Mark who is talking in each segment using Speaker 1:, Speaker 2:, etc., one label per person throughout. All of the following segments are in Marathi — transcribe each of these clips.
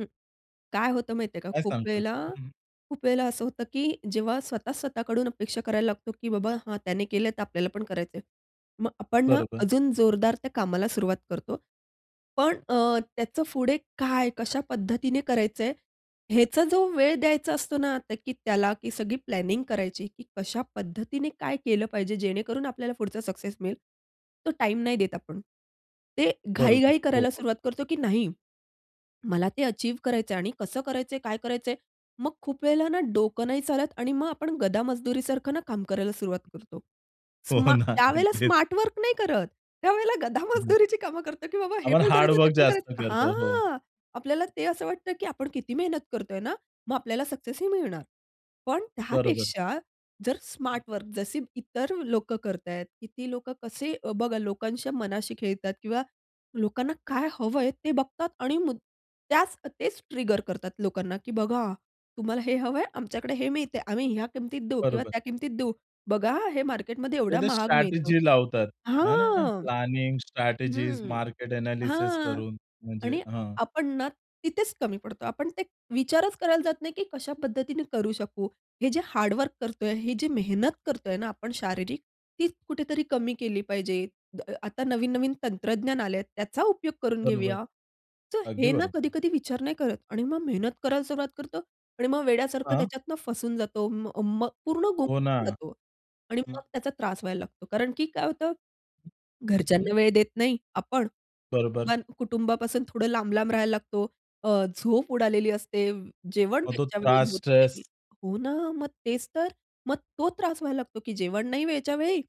Speaker 1: हं. काय होतं माहिती आहे का?
Speaker 2: काय
Speaker 1: खूप
Speaker 2: सांगता?
Speaker 1: वेळेला
Speaker 2: हं.
Speaker 1: खूप वेळेला असं होतं, की जेव्हा स्वतः स्वतःकडून अपेक्षा करायला लागतो, की बाबा हां, त्याने केलं तर आपल्याला पण करायचं आहे. मग आपण ना
Speaker 2: बरोबर.
Speaker 1: अजून जोरदार त्या कामाला सुरुवात करतो. पण अ, त्याचं पुढे काय, कशा पद्धतीने करायचं आहे, ह्याचा जो वेळ द्यायचा असतो ना तर की त्याला की सगळी प्लॅनिंग करायची, की कशा पद्धतीने काय केलं पाहिजे जेणेकरून आपल्याला पुढचा सक्सेस मिळेल. तो टाईम नाही देत आपण. ते
Speaker 2: बरोबर.
Speaker 1: घाई-घाई
Speaker 2: हो,
Speaker 1: करायला
Speaker 2: हो.
Speaker 1: सुरुवात करतो, की नाही मला ते अचीव्ह करायचंय आणि कसं करायचंय काय करायचंय. मग खूप वेळेला ना डोकं नाही चालत. आणि मग आपण गधा मजदुरीसारखं ना काम करायला सुरुवात करतो.
Speaker 2: हो
Speaker 1: स्मा
Speaker 2: ना.
Speaker 1: त्यावेळेला
Speaker 2: अगदी.
Speaker 1: स्मार्ट वर्क नाही करत. त्यावेळेला गधा
Speaker 2: हं.
Speaker 1: मजदुरीची कामं करतो, की बाबा हे
Speaker 2: आपण
Speaker 1: पण करायचं ते
Speaker 2: हार्डवर्क
Speaker 1: पण
Speaker 2: जास्त
Speaker 1: करायचं.
Speaker 2: करतो. हो.
Speaker 1: हां, आपल्याला ते असं वाटतं, की आपण किती मेहनत करतोय ना? मग आपल्याला सक्सेस ही मिळणार. पण
Speaker 2: बरोबर.
Speaker 1: त्यापेक्षा जर स्मार्ट वर्क जसे इतर लोकं करतायेत. किती लोकं कसे बघा लोकांच्या मनाशी खेळतात किंवा लोकांना काय हवंय ते बघतात. आणि त्याच तेच ट्रिगर करतात लोकांना, की बघा तुम्हाला हे हवं आहे, आमच्याकडे हे मिळतंय. आम्ही ह्या किमतीत देऊ किंवा
Speaker 2: बरोबर.
Speaker 1: त्या किमतीत देऊ. बघा हे मार्केटमध्ये
Speaker 2: तर
Speaker 1: एवढा
Speaker 2: ते
Speaker 1: महाग मिळतं.
Speaker 2: स्ट्रॅटेजी लावतात. है ना.
Speaker 1: हां.
Speaker 2: प्लॅनिंग, स्ट्रॅटेजीज,
Speaker 1: हं,
Speaker 2: मार्केट एनालिसिस
Speaker 1: हां
Speaker 2: करून म्हणजे
Speaker 1: आणि
Speaker 2: हां.
Speaker 1: आपण ना तिथेच कमी पडतो. आपण ते विचारच करायला जात नाही, की कशा पद्धतीने करू शकू. हे जे हार्ड वर्क करतोय, हे जे मेहनत करतोय ना आपण शारीरिक ती कुठेतरी कमी केली पाहिजे. आता नवीन-नवीन तंत्रज्ञान आलंय. त्याचा उपयोग करून
Speaker 2: बरोबर,
Speaker 1: घेऊया. तर
Speaker 2: अगदी
Speaker 1: हे ना
Speaker 2: बरोबर,
Speaker 1: कधी-कधी
Speaker 2: हो.
Speaker 1: विचार नाही करत. आणि मग मेहनत करायला सुरुवात करतो. आणि मग वेड्यासारखं
Speaker 2: हां.
Speaker 1: त्याच्यातनं फसून जातो. मग मग पूर्ण
Speaker 2: हो ना.
Speaker 1: गुंफून जातो. आणि
Speaker 2: हं.
Speaker 1: मग त्याचा त्रास व्हायला लागतो. कारण की काय होतं,
Speaker 2: हं.
Speaker 1: घरच्यांना वेळ देत नाही आपण.
Speaker 2: बरोबर.
Speaker 1: कुटुंब कुटुंबापासून थोडं लांब-लांब राहायला लागतो. अ, झोप उडालेली असते. जेवण
Speaker 2: मग तो
Speaker 1: वेळच्या वेळी
Speaker 2: त्रास,
Speaker 1: होत नाही.
Speaker 2: स्ट्रेस.
Speaker 1: हो ना. मग तेच तर मग तो त्रास व्हायला लागतो, की जेवण नाही वेळच्या वेळी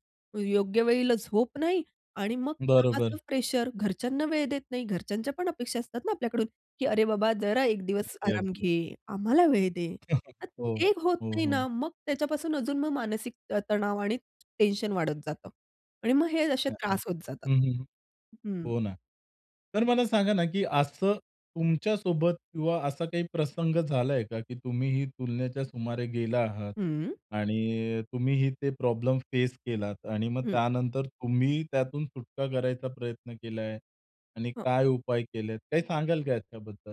Speaker 1: योग्य वेळीला झोप नाही आणि मग कामाचं
Speaker 2: बरोबर.
Speaker 1: प्रेशर घरच्यांना वेळ देत नाही. घरच्यांच्या पण अपेक्षा असतात ना आपल्याकडून, की अरे, बाबा जरा एक दिवस
Speaker 2: अगदी,
Speaker 1: आराम
Speaker 2: अगदी.
Speaker 1: घे. आम्हाला वेळ दे. तर
Speaker 2: हो,
Speaker 1: ते होत
Speaker 2: हो,
Speaker 1: नाही
Speaker 2: हो.
Speaker 1: ना मग त्याच्यापासून अजून मानसिक तणाव आणि टेन्शन वाढत जातं. आणि मग हे
Speaker 2: [unintelligible]
Speaker 1: असे
Speaker 2: हं,
Speaker 1: त्रास होत जातात.
Speaker 2: हं, हं.
Speaker 1: हं.
Speaker 2: हो ना. तर मला सांगा ना, की असं तुमच्या सोबत किंवा असा काही प्रसंग झालाय का, की तुम्ही ही तुलनेच्या सुमारे गेला आहात.
Speaker 1: हं.
Speaker 2: आणि तुम्हीही ते प्रॉब्लेम फेस केलात. आणि मग
Speaker 1: हं.
Speaker 2: त्यानंतर तुम्ही त्यातून सुटका करायचा प्रयत्न केलाय. आणि
Speaker 1: हो.
Speaker 2: काय उपाय केलेत. काही सांगाल का याच्याबद्दल?